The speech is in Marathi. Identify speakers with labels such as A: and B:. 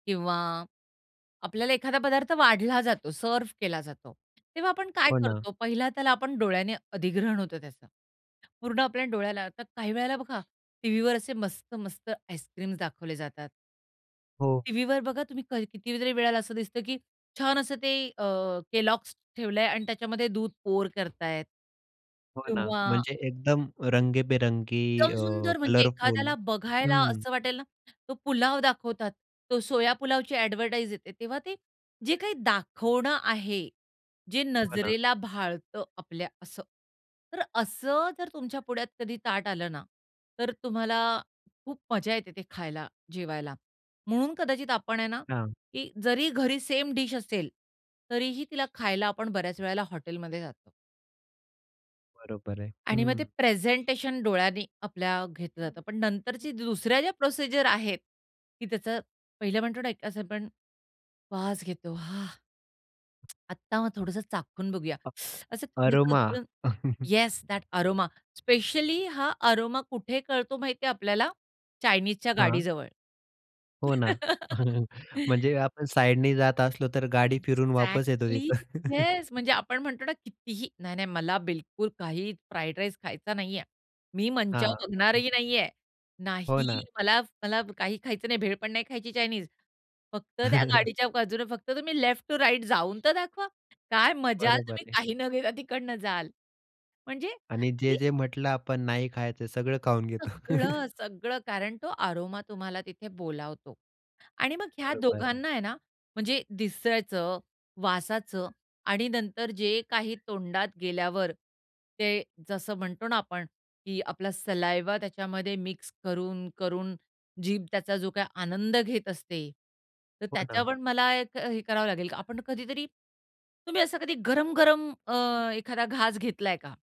A: किंवा आपल्याला एखादा पदार्थ वाढला जातो, सर्व्ह केला जातो. तेव्हा आपण काय
B: हो ना.
A: करतो? पहिला त्याला आपण डोळ्याने अधिग्रहण होतं त्याचं. पूर्ण आपल्या डोळ्याला. आता काही वेळेला बघा, टीव्हीवर असे मस्त-मस्त आईस्क्रीम्स दाखवले जातात.
B: हो.
A: टीव्हीवर बघा तुम्ही, कधी कितीतरी वेळेला असं दिसतं की छान असं ते अ, केलॉग्स ठेवलंय अन् त्याच्यामध्ये दूध पोअर करतायेत
B: हो ना,
A: किंवा
B: म्हणजे एकदम रंगीबेरंगी
A: एकदम
B: अ,
A: सुंदर म्हणजे
B: कलरफुल
A: एखाद्याला बघायला
B: हं.
A: असं वाटेल ना, तो पुलाव दाखवतात. तो सोया पुलावची ॲडव्हर्टाईज येते तेव्हा ते जे काही दाखवणं आहे, जे
B: हो ना.
A: नजरेला भाळतं आपल्या असं, तर असं जर तुमच्या पुढ्यात कधी ताट आलं ना, तर तुम्हाला खूप मजा येते ते खायला, जेवायला. म्हणून कदाचित आपण आहे ना,
B: हां.
A: की जरी घरी सेम डिश असेल, तरीही तिला खायला आपण बऱ्याच वेळेला हॉटेलमध्ये जातो.
B: बरोबर आहे.
A: आणि मग ते
B: हं.
A: प्रेझेंटेशन डोळ्यांनी आपल्या घेतलं जातं, पण नंतरच्या दुसऱ्या ज्या प्रोसिजर आहेत, की त्याचं पहिलं म्हणतो ना, असं पण वास घेतो हां. आत्ता मग थोडंसं चाखून बघूया,
B: अ,
A: असं थोडंसं
B: अरोमा.
A: उचलून, येस, दॅट अरोमा, स्पेशली हा अरोमा कुठे कळतो माहिती आहे आपल्याला? चायनीजच्या
B: हां.
A: गाडीजवळ.
B: हो ना. म्हणजे आपण साइडनी जात असलो, तर गाडी फिरून वापस येतो
A: एक्झॅक्टली
B: तिथं.
A: येस म्हणजे आपण म्हणतो ना कितीही नाही-नाही मला बिलकुल काही फ्राईड राईस खायचा नाहीये, मी मंचाऊ
B: हां, हं.
A: बघणारही नाहीये,
B: हो
A: नाही
B: ना.
A: मला मला काही खायचं नाही, भेळ पण नाही खायची चायनीज. फक्त त्या गाडीच्या बाजूने फक्त तुम्ही लेफ्ट टू राईट जाऊन तर दाखवा काय मजाल
B: बरोबर
A: तुम्ही
B: आहे.
A: काही न घेता तिकडनं जाल म्हणजे
B: आणि
A: की
B: जे-जे म्हटलं आपण नाही खायचं सगळं खाऊन घेतो.
A: सगळं, सगळं, कारण तो अरोमा तुम्हाला तिथे बोलावतो आणि मग ह्या
B: बरोबर.
A: दोघांना आहे ना म्हणजे दिसायचं, वासाचं आणि नंतर जे काही तोंडात गेल्यावर, ते जसं म्हणतो ना आपण की आपला सलाईव्हा त्याच्यामध्ये मिक्स करून, करून जीभ त्याचा जो काही आनंद घेत असते. तर
B: हो ना.
A: त्याच्यावर मला एक हे करावं लागेल. आपण कधीतरी तुम्ही असं कधी गरम-गरम अ, एखादा घास घेतलाय का?